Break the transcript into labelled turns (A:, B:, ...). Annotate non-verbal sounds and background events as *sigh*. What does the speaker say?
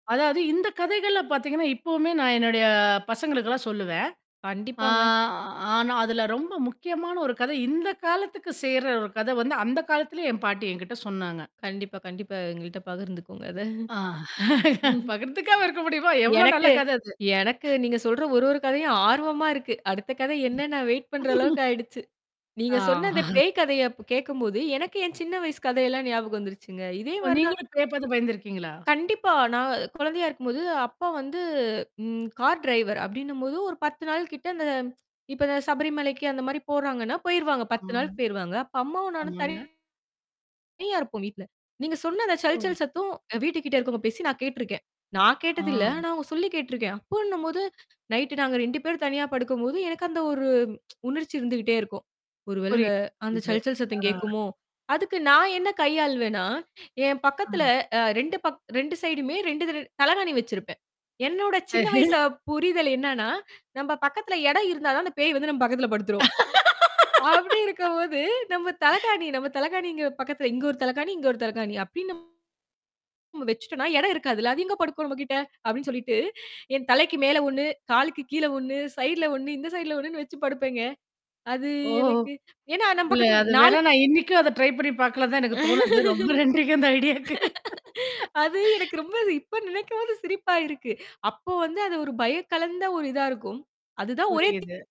A: அதாவது இந்த கதைகள்ல பாத்தீங்கன்னா, இப்பவுமே நான் என்னுடைய பசங்களுக்குல்லாம் சொல்லுவேன். ஆ
B: கண்டிப்பாங்க.
A: ஆனா அதுல ரொம்ப முக்கியமான ஒரு கதை. இந்த காலத்துக்கு சேர்ற ஒரு கதை வந்து அந்த காலத்திலேயே என் பாட்டி என்கிட்ட சொன்னாங்க.
B: கண்டிப்பா, கண்டிப்பா எங்கள்ட்ட பகிர்ந்துக்கோங்க அத.
A: ஆ
B: *laughs*
A: பகிர்ந்துக்காம இருக்க முடியுமா? எவ்வளோ நல்ல
B: எனக்கு
A: கதை அது.
B: எனக்கு நீங்க சொல்ற ஒரு ஒரு கதையும் ஆர்வமா இருக்கு. அடுத்த கதை என்னன்னு வெயிட் பண்ற அளவுக்கு
A: *snorts*
B: ஆயிடுச்சு. நீங்க
A: ஆ.
B: சொன்ன இந்த
A: *chuckles*
B: பேய் கதைய அப்ப கேட்கும்போது, எனக்கு என் சின்ன வயசு கதையெல்லாம் ஞாபகம் வந்துருச்சுங்க. இதே
A: ஓ!
B: மாரி தான்
A: நீங்களும் பேய் பாத்து பயந்துருக்கீங்களா?
B: கண்டிப்பா. நான் கொழந்தையா இருக்கும்போது அப்பா வந்து ம். கார் டிரைவர் அப்டின்னும்போது ஒரு 10 நாள் கிட்ட அந்த இப்ப சபரிமலைக்கு அந்த மாரி போறாங்கன்னா, போயிருவாங்க. 10
A: ஆமா.
B: நாள்க்கு போயிருவாங்க. அப்ப அம்மாவும் நானும்
A: ஆமாங்க.
B: தனியா இருப்போம் வீட்ல. நீங்க சொன்ன அந்த சல்
A: ஓ.
B: சல் சத்தம் வீட்டுக்கிட்ட இருக்குறவங்க பேசி நான் கேட்ருக்கேன். நான் கேட்டதில்ல.
A: ஆஹ்.
B: ஆனா அவங்க சொல்லி கேட்டுருக்கேன். அப்பன்னும்போது நைட் நாங்க 2 பேரும் தனியா படுக்கும்போது, எனக்கு அந்த ஒரு *tsk* உணர்ச்சி இருந்துக்கிட்டே இருக்கும். "ஒரு வேளை அந்த அந்த
A: புரியுது.
B: சல் சல் சத்தம்
A: ஆ.
B: கேட்குமோ." அதுக்கு நான் என்ன கையாளுவேன்னா, என் பக்கத்துல
A: ம்.
B: அ 2 பக் 2 சைடுமே 2 தலையனை வச்சிருப்பேன். என்னோட சின்ன வயசு
A: *chuckles*
B: புரிதல் என்னன்னா, "நம்ப பக்கத்துல இடம் இருந்தா தான் அந்த பேய் வந்து நம்ம பக்கத்துல படுத்துரும். அப்படி இருக்கும்போது நம்ம தலையனை, நம்ம
A: *laughs*
B: தலையனைங்கிற பக்கத்துல இங்க 1 தலையனை, இங்க 1 தலையனை அப்டின்னு நம்ம வச்சுட்டோம்னா, இடம் இருக்காதுல்ல. அது எங்க படுக்கும் நம்மகிட்ட." அப்டின்னு சொல்லிட்டு, என் தலைக்கு மேல 1, காலுக்கு கீழே 1, சைடுல 1 இந்த சைடுல 1ன்னு வச்சு படுப்பேங்க. அது
A: ஓஹோ!
B: எனக்கு ஏன்னா நம்ம
A: இல்லை.
B: பக்கத்துல
A: அது
B: 4
A: வேணா நான் இன்னைக்கும் அத ட்ரை பண்ணி பார்க்கலனு தான் எனக்கு தோணுது. ரொம்ப நன்றிக்கு அந்த ஐடியாக்கு.
B: அது எனக்கு ரொம்ப இப்ப நினைக்கும்போது சிரிப்பா இருக்கு. அப்போ வந்து அது ஒரு பயக்கலந்த ஒரு இதா இருக்கும். அதுதான் ஒரே தி
A: புரியுது.